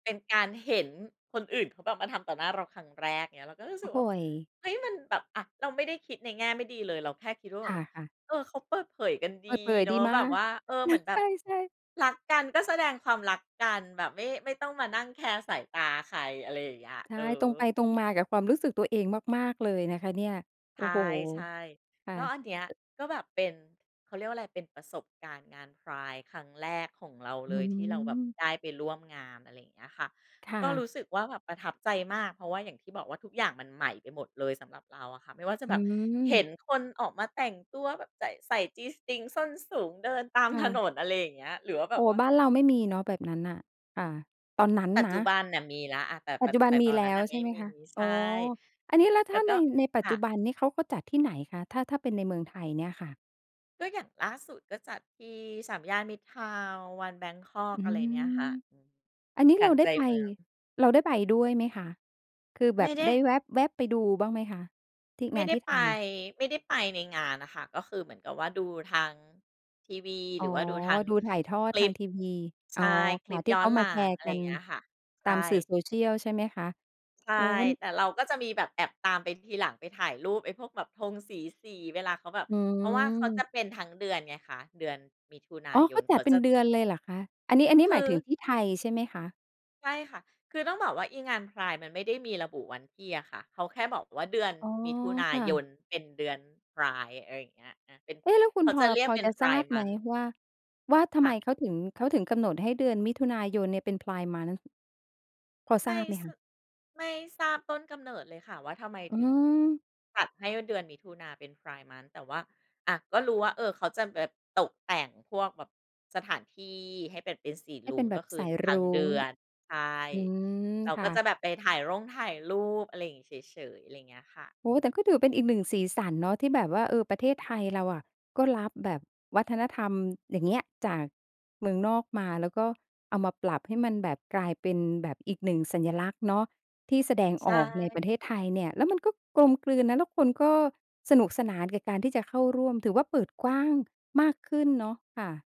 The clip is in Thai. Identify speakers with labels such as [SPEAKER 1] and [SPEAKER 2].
[SPEAKER 1] เป็นการเห็นคนอื่นเขาแบบมาทำต่อหน้าเราครั้งแรก เงี้ย เราก็รู้
[SPEAKER 2] โอ
[SPEAKER 1] สึ
[SPEAKER 2] ้
[SPEAKER 1] ก
[SPEAKER 2] โ
[SPEAKER 1] ว่า
[SPEAKER 2] ฮ
[SPEAKER 1] เฮ้ย มันแบบ อะ เราไม่ได้คิดในแง่ไม่ดีเลย เราแค่คิดว่าแ
[SPEAKER 2] ค
[SPEAKER 1] บบ
[SPEAKER 2] ่ะ ๆ
[SPEAKER 1] เออ เขาเปิดเผยกัน
[SPEAKER 2] เป
[SPEAKER 1] ด
[SPEAKER 2] ิด
[SPEAKER 1] ี
[SPEAKER 2] เผย
[SPEAKER 1] เนา
[SPEAKER 2] ดี
[SPEAKER 1] ะ
[SPEAKER 2] ม
[SPEAKER 1] แบ
[SPEAKER 2] า
[SPEAKER 1] บ
[SPEAKER 2] ก
[SPEAKER 1] ว่า เออ
[SPEAKER 2] น
[SPEAKER 1] เหมื
[SPEAKER 2] ะ
[SPEAKER 1] อนแ
[SPEAKER 2] ใ
[SPEAKER 1] บ
[SPEAKER 2] ช
[SPEAKER 1] บ
[SPEAKER 2] ่ ๆ
[SPEAKER 1] รักกันก็แสดงความรักกัน แบบไม่ ไม่ต้องมานั่งแคร์สายตาใคร อะไรอย่างเงี้ย
[SPEAKER 2] ใช
[SPEAKER 1] เ
[SPEAKER 2] ่
[SPEAKER 1] ออ
[SPEAKER 2] ตรงไปตรงมากับความรู้สึกตัวเองมาก ๆ เลยนะคะเนี่ย โอ
[SPEAKER 1] ใ
[SPEAKER 2] ้โฮ
[SPEAKER 1] ช่
[SPEAKER 2] ค่
[SPEAKER 1] ๆ
[SPEAKER 2] ะ
[SPEAKER 1] ก็อันเนี้ย ก็แบบเป็น เขาเรียกว่าอะไร เป็นประสบการณ์งาน Pride ครั้งแรกของเรา
[SPEAKER 2] อื
[SPEAKER 1] เล
[SPEAKER 2] ้อ
[SPEAKER 1] ย
[SPEAKER 2] ฮ
[SPEAKER 1] ท
[SPEAKER 2] ื
[SPEAKER 1] ี่เราแบบ
[SPEAKER 2] อ
[SPEAKER 1] ได้ไปร่วมงาน อะไรอย่างเงี้ยค่ะ
[SPEAKER 2] ค่
[SPEAKER 1] ก็ร
[SPEAKER 2] ะ
[SPEAKER 1] ู้สึกว่าแบบประทับใจมาก เพราะว่าอย่างที่บอกว่า ทุกอย่างมันใหม่ไปหมดเลยสำหรับเราอะค่ะ ไม่ว่าจะ
[SPEAKER 2] อื
[SPEAKER 1] แบบเห็
[SPEAKER 2] ม
[SPEAKER 1] นคนออกมาแต่งตัวแบบใส่ ใส่ G-string ส้นสูง เดินตาม
[SPEAKER 2] ค่
[SPEAKER 1] ถน
[SPEAKER 2] ะ
[SPEAKER 1] น อะไรอย่างเงี้ย หรือว่าแ
[SPEAKER 2] โ
[SPEAKER 1] บ
[SPEAKER 2] อ้
[SPEAKER 1] บว่า
[SPEAKER 2] บ้านเราไม่มีเนาะแบบนั้นน่ะ อ่า ตอนนั้น
[SPEAKER 1] ปัจ
[SPEAKER 2] น
[SPEAKER 1] จ
[SPEAKER 2] ะ
[SPEAKER 1] ุบันน่ะมีแล้ว อา แต่
[SPEAKER 2] ป
[SPEAKER 1] แต
[SPEAKER 2] ัจ
[SPEAKER 1] ่
[SPEAKER 2] จุบั
[SPEAKER 1] แ
[SPEAKER 2] น
[SPEAKER 1] ต่
[SPEAKER 2] ม
[SPEAKER 1] ต
[SPEAKER 2] ี
[SPEAKER 1] อน
[SPEAKER 2] แล
[SPEAKER 1] นั้
[SPEAKER 2] ้
[SPEAKER 1] นน
[SPEAKER 2] ว
[SPEAKER 1] ่ะ
[SPEAKER 2] ใ
[SPEAKER 1] ไม
[SPEAKER 2] ช
[SPEAKER 1] ่
[SPEAKER 2] ่ไหม
[SPEAKER 1] มี
[SPEAKER 2] คะ?
[SPEAKER 1] ใ
[SPEAKER 2] อ
[SPEAKER 1] ช
[SPEAKER 2] ๋
[SPEAKER 1] ่
[SPEAKER 2] อ อันนี้แล้ว
[SPEAKER 1] แ
[SPEAKER 2] ถ
[SPEAKER 1] ล
[SPEAKER 2] ้
[SPEAKER 1] ้
[SPEAKER 2] า
[SPEAKER 1] วก
[SPEAKER 2] ใน
[SPEAKER 1] ็
[SPEAKER 2] ในปั
[SPEAKER 1] ค
[SPEAKER 2] จจ
[SPEAKER 1] ่
[SPEAKER 2] ุ
[SPEAKER 1] ะ
[SPEAKER 2] บันนี้เขาก็จัดที่ไหนคะ ถ้า ถ้าเป็นในเมืองไทยเนี่ยค่ะ?
[SPEAKER 1] ก็อย่างล่าสุด ก็จัดที่สามย่านมิตรทาวน์ วันแบงค็อก
[SPEAKER 2] อือ
[SPEAKER 1] อะ
[SPEAKER 2] ฮ
[SPEAKER 1] ไร
[SPEAKER 2] ึ
[SPEAKER 1] เนี่ยค่ะ อืม
[SPEAKER 2] อันนี้
[SPEAKER 1] กล
[SPEAKER 2] เรา
[SPEAKER 1] าง
[SPEAKER 2] ได
[SPEAKER 1] ใ
[SPEAKER 2] ้
[SPEAKER 1] จ
[SPEAKER 2] ไป
[SPEAKER 1] เมือง
[SPEAKER 2] เราได้ไปด้วยไหมคะ? คือแบ
[SPEAKER 1] ไม่
[SPEAKER 2] บ
[SPEAKER 1] ได
[SPEAKER 2] ได
[SPEAKER 1] ้
[SPEAKER 2] ้แวบ ๆ ไปดูบ้างไหมคะที่
[SPEAKER 1] ไม
[SPEAKER 2] ง
[SPEAKER 1] ่
[SPEAKER 2] าน
[SPEAKER 1] ได้
[SPEAKER 2] ที่
[SPEAKER 1] ไ
[SPEAKER 2] ไ
[SPEAKER 1] ป
[SPEAKER 2] ทย?
[SPEAKER 1] ไม่ได้ไปในงานน่ะค่ะ ก็คือเหมือนกับว่าดูทางทีวี
[SPEAKER 2] อ๋
[SPEAKER 1] หร
[SPEAKER 2] อ
[SPEAKER 1] ือว่าดูทาง
[SPEAKER 2] ดูถ่ายทอ
[SPEAKER 1] ค
[SPEAKER 2] ด
[SPEAKER 1] ล
[SPEAKER 2] ทา
[SPEAKER 1] ิป
[SPEAKER 2] งทีวี อ
[SPEAKER 1] ใ
[SPEAKER 2] ๋
[SPEAKER 1] ช
[SPEAKER 2] อ
[SPEAKER 1] ่
[SPEAKER 2] ค
[SPEAKER 1] คล
[SPEAKER 2] ่
[SPEAKER 1] ิ
[SPEAKER 2] ะ
[SPEAKER 1] ป
[SPEAKER 2] ที่
[SPEAKER 1] ย้อ
[SPEAKER 2] เข
[SPEAKER 1] น
[SPEAKER 2] า
[SPEAKER 1] ห
[SPEAKER 2] ม
[SPEAKER 1] ลั
[SPEAKER 2] าแช
[SPEAKER 1] ง
[SPEAKER 2] ร์
[SPEAKER 1] อะไ
[SPEAKER 2] ก
[SPEAKER 1] ร
[SPEAKER 2] ั
[SPEAKER 1] อย่า
[SPEAKER 2] น
[SPEAKER 1] งเงี้ยค่ะ ใช
[SPEAKER 2] ตา
[SPEAKER 1] ่
[SPEAKER 2] มสื่อ social ใช่ไหมคะ?
[SPEAKER 1] ใช่
[SPEAKER 2] โอ้โฮ มัน
[SPEAKER 1] แต่เราก็จะมีแบบแอบตามไปทีหลัง ไปถ่ายรูปไอ้พวกแบบธงสี ๆ เวลาเขาแบบ
[SPEAKER 2] อื
[SPEAKER 1] เพราะว่าเขาจะ
[SPEAKER 2] ม
[SPEAKER 1] เป็นทั้งเดือนไงคะ เดือนมิถุนา
[SPEAKER 2] อ๋อ
[SPEAKER 1] ย
[SPEAKER 2] เข
[SPEAKER 1] น
[SPEAKER 2] าจ
[SPEAKER 1] เข
[SPEAKER 2] ัด
[SPEAKER 1] า
[SPEAKER 2] เป็
[SPEAKER 1] จะ
[SPEAKER 2] นเดือนเลยเหรอคะ? อันนี้ อันนี้
[SPEAKER 1] คื
[SPEAKER 2] หมายถึง
[SPEAKER 1] อ
[SPEAKER 2] ที่ไทยใช่ไหมคะ?
[SPEAKER 1] ใช่ค่ะ คือต้องบอกว่าอีงาน Pride มันไม่ได้มีระบุวันที่อะค่ะ เขาแค่บอกว่าเดือน
[SPEAKER 2] อ๋อ
[SPEAKER 1] มิถุนา
[SPEAKER 2] ค่
[SPEAKER 1] ย
[SPEAKER 2] ะ
[SPEAKER 1] นเป็นเดือน Pride อะไรอย่างเงี้ย อา เป็น
[SPEAKER 2] เอ๊ะ แล้วคุ
[SPEAKER 1] เข
[SPEAKER 2] ณ
[SPEAKER 1] า
[SPEAKER 2] พ
[SPEAKER 1] จ
[SPEAKER 2] อ
[SPEAKER 1] ะเรีย
[SPEAKER 2] พ
[SPEAKER 1] ก
[SPEAKER 2] อ
[SPEAKER 1] เป็
[SPEAKER 2] จ
[SPEAKER 1] น
[SPEAKER 2] ะทราบ
[SPEAKER 1] Pride
[SPEAKER 2] ไหม
[SPEAKER 1] Month
[SPEAKER 2] ว่า ว่าทำ
[SPEAKER 1] ค
[SPEAKER 2] ไ
[SPEAKER 1] ่
[SPEAKER 2] ม
[SPEAKER 1] ะ
[SPEAKER 2] เขาถึง เขาถึงกำหนดให้เดือนมิถุนายนเนี่ยเป็น Pride month พอท
[SPEAKER 1] ไม
[SPEAKER 2] รา
[SPEAKER 1] ่
[SPEAKER 2] บไหม
[SPEAKER 1] ส
[SPEAKER 2] คะ?
[SPEAKER 1] ไม่ทราบต้นกำเนิดเลยค่ะว่า ทำไม
[SPEAKER 2] อื
[SPEAKER 1] ถึง
[SPEAKER 2] ม
[SPEAKER 1] จัดให้เดือนมิถุนาเป็น Pride Month แต่ว่า อะ ก็รู้ว่า เอ่อ เขาจะแบบตกแต่งพวกแบบสถานที่ให้แบบเป็นสี
[SPEAKER 2] ให้
[SPEAKER 1] ร
[SPEAKER 2] เ
[SPEAKER 1] ุ
[SPEAKER 2] ป็
[SPEAKER 1] ้ง
[SPEAKER 2] นแบ
[SPEAKER 1] ก็
[SPEAKER 2] บ
[SPEAKER 1] คื
[SPEAKER 2] ส
[SPEAKER 1] อ
[SPEAKER 2] าย
[SPEAKER 1] ท
[SPEAKER 2] ร
[SPEAKER 1] ั้
[SPEAKER 2] ุ
[SPEAKER 1] งเด
[SPEAKER 2] ้
[SPEAKER 1] ื
[SPEAKER 2] ง
[SPEAKER 1] อน ใช่
[SPEAKER 2] อืม
[SPEAKER 1] เรา
[SPEAKER 2] ค
[SPEAKER 1] ก
[SPEAKER 2] ่
[SPEAKER 1] ็จะ
[SPEAKER 2] ะ
[SPEAKER 1] แบบไปถ่ายร่งถ่ายรูป อะไรอย่างนี้เฉยๆ อะไรอย่างเงี้ยค่ะ
[SPEAKER 2] โอ
[SPEAKER 1] อื
[SPEAKER 2] ้โฮ แต่
[SPEAKER 1] ม
[SPEAKER 2] ก็ถือว่าเป็นอีก 1 สีสันเนาะ ที่แบบว่า เออ ประเทศไทยเราอะก็รับแบบวัฒนธรรม อย่างเงี้ย จากเมืองนอกมา แล้วก็เอามาปรับให้มันแบบกลายเป็นแบบอีก 1 สัญลักษณ์เนาะ ที่แสดง
[SPEAKER 1] ใช
[SPEAKER 2] ออกในประเท
[SPEAKER 1] ่
[SPEAKER 2] ศไทยเนี่ย แล้วมันก็กลมกลืนนะ แล้วคนก็สนุกสนานกับการที่จะเข้าร่วม ถือว่าเปิดกว้างมากขึ้นเนาะค่ะ